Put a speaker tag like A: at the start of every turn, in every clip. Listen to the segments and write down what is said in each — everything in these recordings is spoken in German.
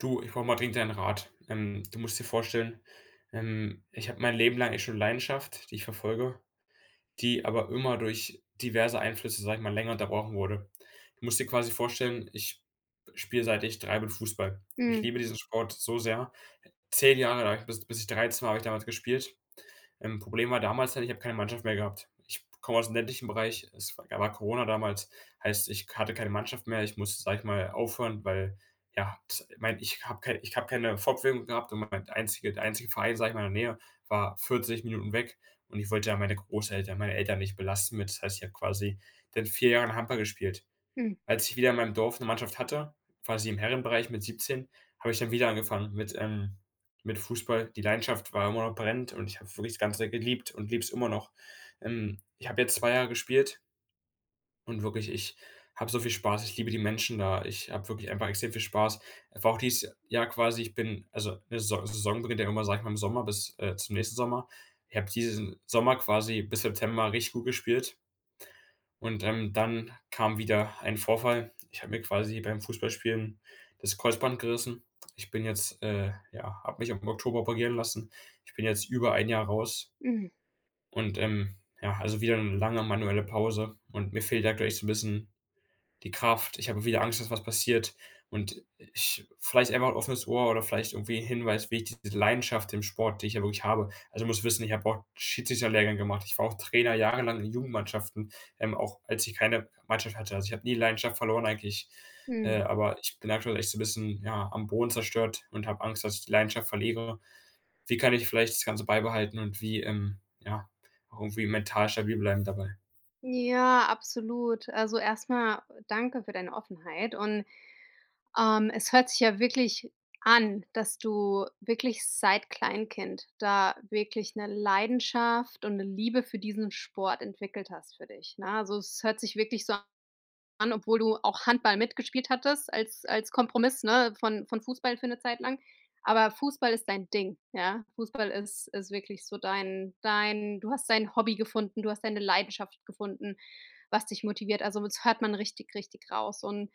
A: Du, ich brauche mal dringend deinen Rat, ähm, du musst dir vorstellen, ähm, ich habe mein Leben lang echt schon Leidenschaft, die ich verfolge, die aber immer durch diverse Einflüsse, sage ich mal, länger unterbrochen wurde. Du musst dir quasi vorstellen, ich spiele, seit ich 3 bin, Fußball. Ich
B: Mhm.
A: liebe diesen Sport so sehr 10 Jahre lang, bis bis ich 13 war, habe ich damals gespielt. Ähm, Problem war damals dann, ich habe keine Mannschaft mehr gehabt. Ich komme aus dem ländlichen Bereich es da war Corona damals, heißt, ich hatte keine Mannschaft mehr ich musste, sage ich mal, aufhören, weil ja, ich meine ich habe keine ich habe keine Fortbewegung gehabt und mein einzige der einzige Verein, sage ich, in der Nähe, war 40 Minuten weg und ich wollte da meine Großeltern meine Eltern nicht belasten mit. Das heißt, ich habe quasi seit 4 Jahren Handball gespielt.
B: Mhm.
A: Als ich wieder in meinem Dorf 'ne Mannschaft hatte, quasi im Herrenbereich mit 17, habe ich dann wieder angefangen mit ähm, mit Fußball. Die Leidenschaft war immer noch brennend und ich habe wirklich das Ganze geliebt und liebe es immer noch, ähm. Ich habe jetzt 2 Jahre gespielt und wirklich, ich habe so viel Spaß ich liebe die Menschen da, ich habe wirklich einfach extrem viel Spaß. Einfach auch dieses Jahr quasi, ich bin also 'ne 'ne Saison beginnt normalerweise, ja, sage ich mal, im Sommer bis, äh, zum nächsten Sommer. Ich habe diesen Sommer quasi bis September richtig gut gespielt und, ähm, dann kam wieder ein Vorfall. Ich habe mir quasi beim Fußballspielen das Kreuzband gerissen. Ich bin jetzt äh, ja, habe mich auch im Oktober operieren lassen. Ich bin jetzt über ein Jahr raus.
B: Mhm.
A: Und ähm, ja, also wieder eine lange manuelle Pause und mir fehlt aktuell echt so 'n bisschen die Kraft ich habe wieder Angst, dass was passiert, und ich vielleicht einach 'n offenes Ohr oder vielleicht irgendwie 'n Hinweis, wie ich diese Leidenschaft im Sport, die ich ja wirklich habe also, du musst wissen, ich habe auch Jiu-Jitsu 'n Lehrgang gemacht ich war auch Trainer jahrelang in Jugendmannschaften, ähm, auch als ich keine Mannschaft hatte. Also, ich habe nie die Leidenschaft verloren, eigentlich,
B: Mhm.
A: äh, aber ich bin aktuell echt so 'n bisschen, ja, am Boden zerstört und habe Angst, dass ich die Leidenschaft verliere. Wie kann ich vielleicht das Ganze beibehalten und wie, ähm ja, auch irgendwie mental stabil bleiben dabei.
B: Ja, absolut. Also erst mal danke für deine Offenheit und, ähm, es hört sich ja wirklich an, dass du wirklich seit Kleinkind da wirklich 'ne Leidenschaft und 'ne Liebe für diesen Sport entwickelt hast für dich, ne? Also, es hört sich wirklich so an, obwohl du auch Handball mitgespielt hattest als als Kompromiss, ne, von von Fußball für 'ne Zeit lang, aber Fußball ist dein Ding. Ja? Fußball ist ist wirklich so dein dein du hast dein Hobby gefunden, du hast deine Leidenschaft gefunden, was dich motiviert. Also das hört man richtig, richtig raus und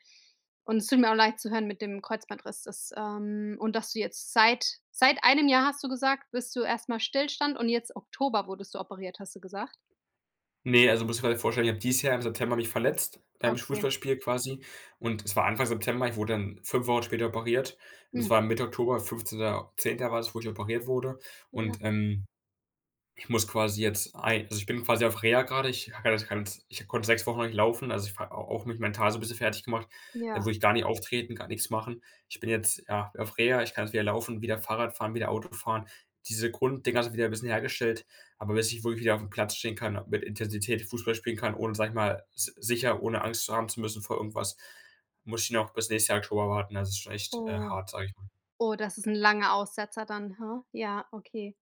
B: und es tut mir leid zu hören mit dem Kreuzbandriss, dass ähm und dass du jetzt seit seit einem Jahr, hast du gesagt, bist du erst mal Stillstand und jetzt Oktober wurdest du operiert, hast du gesagt?
A: Ne, also, du musst dir [unintelligible] vorstellen, ich habe dieses Jahr im September mich verletzt, beim
B: Okay.
A: Fußballspiel quasi, und es war Anfang September ich wurde dann 5 Wochen später operiert und es
B: Mhm.
A: war Mitte Oktober 15.10. war das, wo ich operiert wurde,
B: Ja.
A: und, ähm, ich muss quasi jetzt ein also ich bin quasi auf Reha grade. Ich habe ja das ganz ich konnte 6 Wochen lang nicht laufen, also, ich war au auch mich mental so bisschen fertiggemacht, wo
B: Ja.
A: ich gar nicht auftreten kann, nix machen. Ich bin jetzt, ja, auf Reha, ich kann jetzt wieder laufen und wieder Fahrrad fahren, wieder Auto fahren. Diese Grund-Dinger sind wieder 'n bisschen hergestellt, aber bis ich wohl wieder auf'm Platz stehen kann, mit Intensität Fußball spielen kann, ohne, sage ich mal, s sicher ohne Angst zu haben zu müssen vor irgendwas, muss ich noch bis nächstes Jahr Oktober warten. Also, ist schon echt, äh,
B: Oh.
A: hart, sage ich mal.
B: Oh, das ist 'n langer Aussetzer dann, huh? Ja, okay.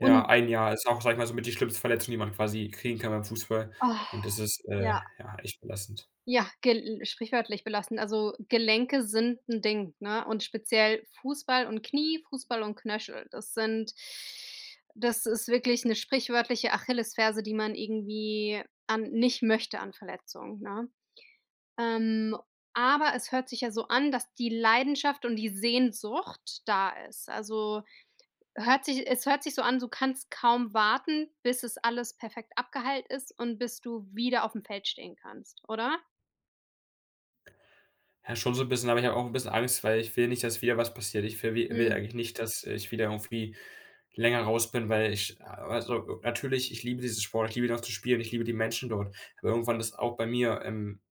A: Ja, ein Jahr. Ist auch, sage ich mal, so mit die schlimmste Verletzung, die man quasi kriegen kann beim Fußball,
B: Ah.
A: und das ist, äh,
B: Ja.
A: ja, echt belastend.
B: Ja, gel sprichwörtlich belastend. Also, Gelenke sind 'n Ding, ne? Und speziell Fußball und Knie, Fußball und Knöchel, das sind das ist wirklich 'ne sprichwörtliche Achillesferse, die man irgendwie an nicht möchte an Verletzungen, ne? Ähm, aber es hört sich ja so an, dass die Leidenschaft und die Sehnsucht da ist. Also, hört sich es hört sich so an, du kannst kaum warten, bis es alles perfekt abgeheilt ist und bis du wieder auf'm Feld stehen kannst, oder?
A: Ja, schon so 'n bisschen aber ich habe auch 'n bisschen Angst, weil ich will nicht, dass wieder was passiert. Ich ver wi will
B: Mhm.
A: eigentlich nicht, dass ich wieder irgendwie länger raus bin, weil ich also, natürlich, ich liebe diesen Sport, ich liebe ihn auch zu spielen, ich liebe die Menschen dort, aber irgendwann ist auch bei mir, ähm,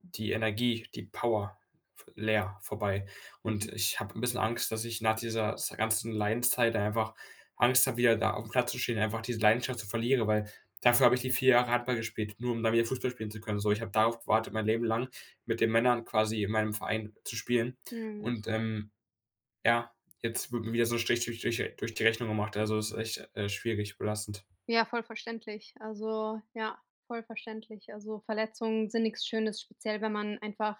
A: die Energie, die Power v leer, vorbei. Und
B: Mhm.
A: ich habe 'n bisschen Angst, dass ich nach dieser s ganzen Leidenszeit, dann einfach Angst habe, wieder da aufm Platz zu stehen, einfach diese Leidenschaft zu verlieren, weil dafür habe ich die 4 Jahre Handball gespielt, nur um dann wieder Fußball spielen zu können. So,
B: Hm.
A: ich habe darauf gewartet, mein Leben lang, mit den Männern quasi in meinem Verein zu spielen
B: Mhm.
A: und, ähm, ja, jetzt wird mir wieder so Strich durch durch äh, durch die Rechnung gemacht, also, ist echt, äh, schwierig, belastend.
B: Ja, voll verständlich. Also, ja, voll verständlich. Also, Verletzungen sind nix Schönes, speziell, wenn man einfach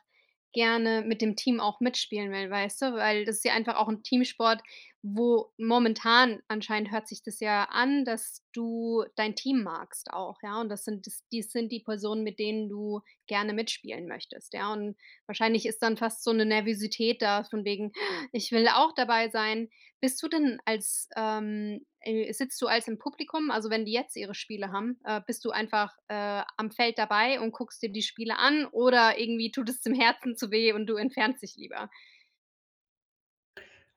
B: gerne mit dem Team auch mitspielen will, weißt du, weil das ist ja einfach auch 'n Teamsport, wo momentan anscheinend hört sich das ja an, dass du dein Team magst auch, ja? Und das sind das dies sind die Personen, mit denen du gerne mitspielen möchtest, ja, und wahrscheinlich ist dann fast so 'ne Nervosität da von wegen: „Ich will auch dabei sein.” Bist du denn als, ähm, äh sitzt du, also, im Publikum, also, wenn die jetzt ihre Spiele haben? Äh, bist du einfach, äh, am Feld dabei und guckst dir die Spiele an oder irgendwie tut es dem Herzen zu weh und du entfernst dich lieber?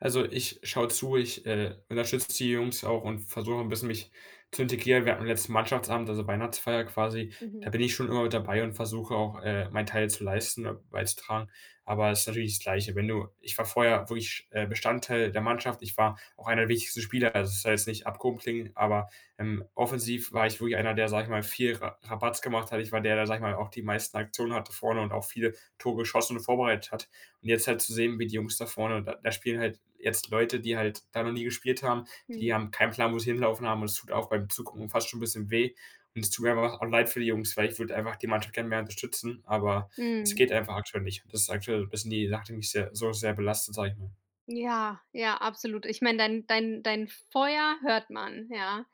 A: Also, ich schaue zu, ich äh, unterstützt d die Jungs auch und versuche 'n bisschen mich zu integrieren. Wir hatten letzten Mannschaftsabend, also, Weihnachtsfeier quasi, da
B: Mhm.
A: bin ich schon immer dabei und versuche auch, äh, meinen Teil zu leisten beizutragen. Aber ist natürlich das Gleiche, wenn du Ich war vorher wirklich, äh, Bestandteil der Mannschaft. Ich war auch einer der wichtigsten Spieler, also, das soll jetzt nicht abgehoben klingen, aber, ähm, offensiv war ich wirklich einer, der, sage ich mal, viel Ra Rabatz gemacht hat. Ich war der, der, sage ich mal, auch die meisten Aktionen hatte vorne und auch viele Tore geschossen und vorbereitet hat. Und jetzt halt zu sehen, wie die Jungs da vorne da da spielen halt jetzt Leute, die halt da noch nie gespielt haben,
B: Hm.
A: die haben keinen Plan, wo sie hinlaufen haben, und es tut auch beim Zugucken fast schon 'n bisschen weh und es tut mir einfach auch leid für die Jungs, weil ich würde einfach die Mannschaft gern mehr unterstützen, aber es
B: Mhm.
A: geht einfach aktuell nicht. Das ist aktuell, bisschen die, [unintelligible] die mich sehr so sehr belastet, sage ich mal.
B: Ja, ja, absolut. Ich mein, dein dein dein Feuer hört man, ja.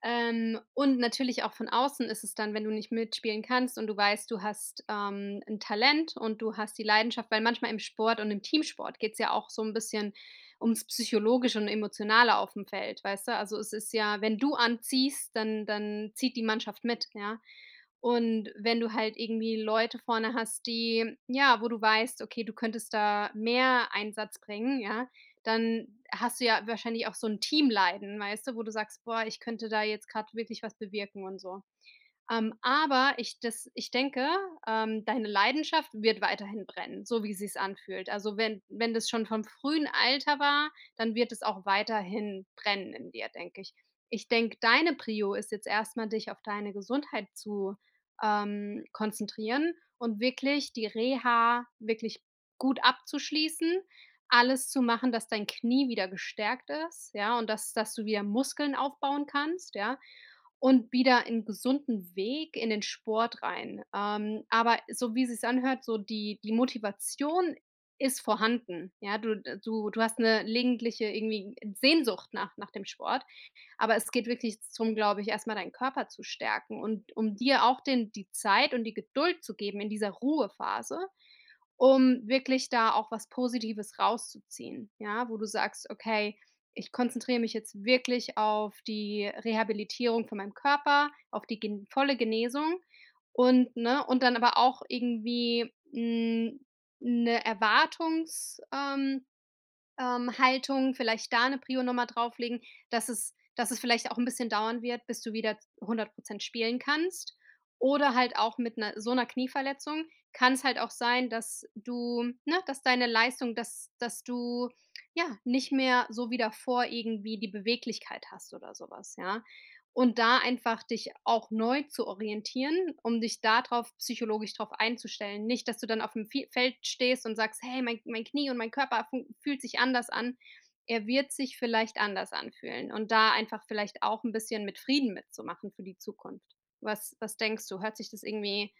B: Ähm, und natürlich auch von außen ist es dann, wenn du nicht mitspielen kannst und du weißt, du hast, ähm, 'n Talent, und du hast die Leidenschaft weil manchmal im Sport und im Teamsport geht es ja auch so 'n bisschen ums Psychologische und Emotionale auf dem Feld, weißt du? Also, es ist ja wenn du anziehst, dann dann zieht die Mannschaft mit, ja? Und wenn du halt irgendwie Leute vorne hast, die, ja wo du weißt: „Okay, du könntest da mehr Einsatz bringen“, ja, dann hast du ja wahrscheinlich auch so 'n Teamleiden, weißt du, wo du sagst: „Boah, ich könnte da jetzt gerade wirklich was bewirken und so.“ Ähm, aber, ich das ich denke, ähm, deine Leidenschaft wird weiterhin brennen, so wie sich's anfühlt. Also, wenn wenn das schon vom frühen Alter war, dann wird es auch weiterhin brennen in dir, denke ich. Ich denke, deine Prio ist jetzt erst mal, dich auf deine Gesundheit zu, ähm, konzentrieren und wirklich die Reha wirklich gut abzuschließen, alles zu machen, dass dein Knie wieder gestärkt ist, ja, und dass dass du wieder Muskeln aufbauen kannst, ja, und wieder ein gesunden Weg in den Sport rein. Ähm, aber so wie sich's anhört, so die die Motivation ist vorhanden, ja? Du, äh du du hast 'ne gelegentliche irgendwie, äh, Sehnsucht nach nach dem Sport, aber es geht wirklich zum glaube ich, erstmal deinen Körper zu stärken und um dir auch den die Zeit und die Geduld zu geben in dieser Ruhephase, um wirklich da auch was Positives rauszuziehen, ja? Wo du sagst: „Okay, ich konzentriere mich jetzt wirklich auf die Rehabilitierung von meinem Körper, auf die ge volle Genesung“ und, ne? Und dann aber auch irgendwie, hm, ne Erwartungs ähm, ähm Haltung. Vielleicht da eine Prio nochmal drauflegen, dass es dass es vielleicht auch 'n bisschen dauern wird, bis du wieder 100 % spielen kannst. Oder halt auch mit 'ner so 'ner Knieverletzung kann's halt auch sein, dass du ne, dass deine Leistung, dass dass du, ja, nicht mehr so wie davor irgendwie die Beweglichkeit hast oder so was, ja? Und da einfach dich auch neu zu orientieren, um dich da drauf psychologisch drauf einzustellen. Nicht, dass du dann auf dem Fie Feld stehst und sagst: „Hey, mein mein Knie und mein Körper funk fühlt sich anders an.“ Er wird sich vielleicht anders anfühlen und da einfach vielleicht auch 'n bisschen mit Frieden mitzumachen für die Zukunft. Was was denkst du? Hört sich das irgendwie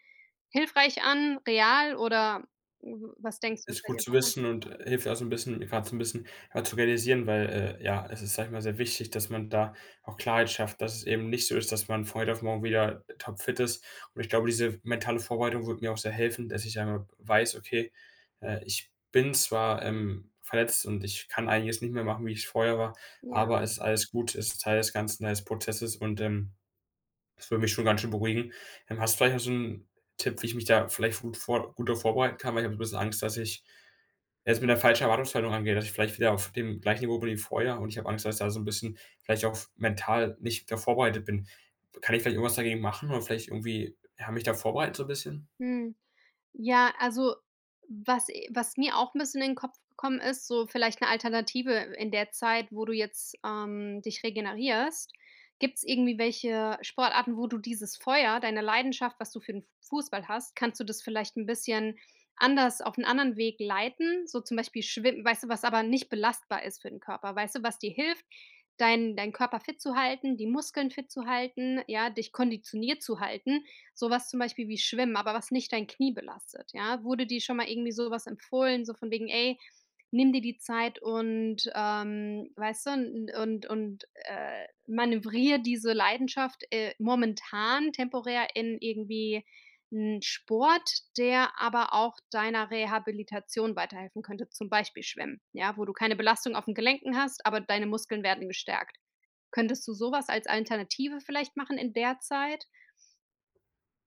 B: hilfreich an, real, oder w was denkst du was
A: Ist
B: bei
A: gut
B: dir?
A: zu
B: [unintelligible]
A: wissen und hilft auch so 'n bisschen grad so 'n bisschen zu realisieren, weil, äh, ja, es ist, sage ich mal, sehr wichtig, dass man da auch Klarheit schafft, dass es eben nicht so ist, dass man von heute auf morgen wieder topfit ist. Und ich glaube, diese mentale Vorbereitung würde mir auch sehr helfen, dass ich einmal weiß: „Okay, äh, ich bin zwar, ähm, verletzt und ich kann einiges nicht mehr machen, wie es vorher war,
B: Ja.
A: aber es ist alles gut, es ist Teil des Ganzen, Teil des Prozesses“, und, ähm, das würde mich schon ganz schön beruhigen. Ähm, hast du vielleicht noch so 'n Tipp, wie ich mich da vielleicht gut vor gut da vorbereiten kann? Weil ich habe 'n bisschen Angst, dass ich es mit 'ner falschen Erwartungshaltung angeht, dass ich vielleicht wieder auf dem gleichen Niveau bin wie vorher und ich habe Angst, dass ich da so 'n bisschen vielleicht auch f mental nicht da vorbereitet bin. Kann ich vielleicht irgendwas dagegen machen oder vielleicht irgendwie, ja, mich da vorbereiten so 'n bisschen?
B: Mhm. Ja, also, was e was mir auch 'n bisschen in den Kopf gekommen ist, so vielleicht 'ne Alternative in der Zeit, wo du jetzt, ähm, dich regenerierst, gibt's irgendwie welche Sportarten, wo du dieses Feuer, deine Leidenschaft, was du für 'n Fußball hast? Kannst du das vielleicht 'n bisschen anders auf 'n anderen Weg leiten? So zum Beispiel Schwimm weißt du was aber nicht belastbar ist für den Körper? Weißt du, was dir hilft, deinen deinen Körper fit zu halten, die Muskeln fit zu halten, ja, dich konditioniert zu halten? Sowas zum Beispiel wie Schwimmen, aber was nicht dein Knie belastet, ja? Wurde dir schon mal irgendwie sowas empfohlen, so von wegen: „Ey, nimm dir die Zeit“ und ,ähm, weißt du, und und, äh, manövriere diese Leidenschaft, äh, momentan, temporär in irgendwie 'n Sport, der aber auch deiner Rehabilitation weiterhelfen könnte, zum Beispiel Schwimmen, ja? Wo du keine Belastung auf den Gelenken hast, aber deine Muskeln werden gestärkt. Könntest du sowas als Alternative vielleicht machen in der Zeit?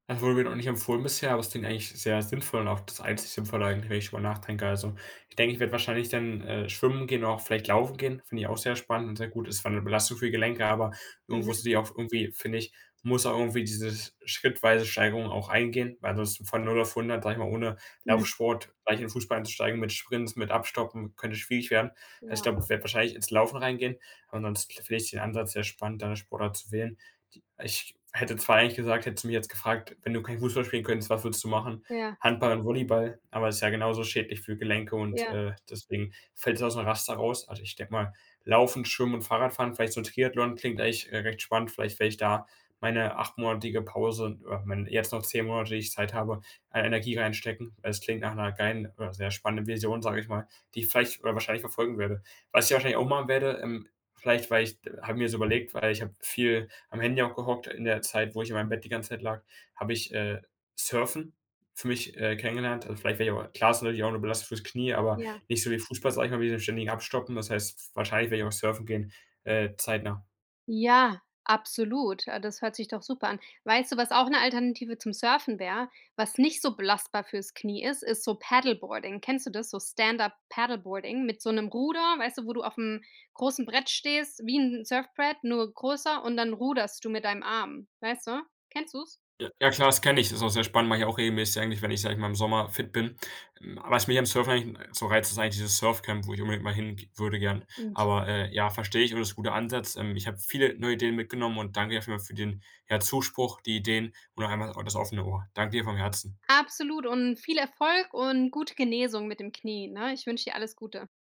A: Das wurde mir noch nicht empfohlen bisher, aber es klingt eigentlich sehr sinnvoll und auch das einzigste Sinnvolle eigentlich, wenn ich drüber nachdenke. Also, ich denke, ich werde wahrscheinlich dann, äh, Schwimmen gehen, auch vielleicht Laufen gehen, finde ich auch sehr spannend und sehr gut. Es ist zwar 'ne Belastung für die Gelenke, aber irgendwo
B: Mhm.
A: sehe ich auch irgendwie, finde ich, muss auch irgendwie diese schrittweise Steigerung auch eingehen, weil das von 0 auf 100, sage ich mal, ohne
B: Mhm.
A: Laufsport gleich in den Fußball einzusteigen mit Sprints, mit Abstoppen, könnte schwierig werden. Also, ich
B: Ja.
A: glaube, ich werde wahrscheinlich ins Laufen reingehen. Ansonsten finde ich den Ansatz sehr spannend, da 'ne Sportart zu wählen, d ich hätte zwar eigentlich gesagt, hättest du mich jetzt gefragt: „Wenn du kein Fußball spielen könntest, was würdest du machen?”
B: Ja.
A: Handball und Volleyball, aber ist ja genauso schädlich für Gelenke und,
B: Ja.
A: äh, deswegen fällt das aus dem Raster raus. Also, ich denke mal, Laufen, Schwimmen und Fahrradfahren, vielleicht so 'n Triathlon, klingt eigentlich re recht spannend. Vielleicht wäre ich da meine 8-monatige Pause oder wenn jetzt noch 10 Monate, die ich Zeit habe, an Energie reinstecken, weil es klingt nach 'ner geilen oder sehr spannenden Vision, sage ich mal, die ich vielleicht oder wahrscheinlich verfolgen werde. Was ich wahrscheinlich auch machen werde, ähm, vielleicht, weil ich habe mir so überlegt, weil ich habe viel am Handy auch gehockt, in der Zeit, wo ich in meinem Bett die ganze Zeit lag, habe ich, äh, Surfen für mich, äh, kennengelernt. Also vielleicht wäre ich auch klar ist natürlich auch nur Belastung fürs Knie, aber
B: Ja.
A: nicht so wie Fußball, sage ich mal, mit diesen ständigen Abstoppen. Das heißt, wahrscheinlich werde ich auch surfen gehen, äh, zeitnah.
B: Ja, absolut. Ah, das hört sich doch super an. Weißt du, was auch 'ne Alternative zum Surfen wäre, was nicht so belastbar fürs Knie ist, ist so Paddleboarding. Kennst du das? So Stand-up-Paddleboarding mit so 'nem Ruder, weißt du, wo du aufm großen Brett stehst, wie 'n Surfbrett, nur größer, und dann ruderst du mit deinem Arm. Weißt du? Kennst du's?
A: J ja, klar, das kenne ich, das ist auch sehr spannend, mache ich auch regelmäßig, ja, eigentlich, wenn ich, sage ich mal, im Sommer fit bin. Hm, was mich am Surfen eigentlich so reizt, ist eigentlich dieses Surfcamp, wo ich unbedingt mal hin ge würde gern.
B: [unintelligible]
A: Aber, äh, ja, verstehe ich, aber das ist 'n guter Ansatz, ähm. Ich habe viele neue Ideen mitgenommen und danke dir auf jeden Fall für den, ja, Zuspruch, die Ideen und auch einmal auch das offene Ohr. Danke dir vom Herzen.
B: Absolut und viel Erfolg und gute Genesung mit dem Knie, ne? Ich wünsche dir alles Gute.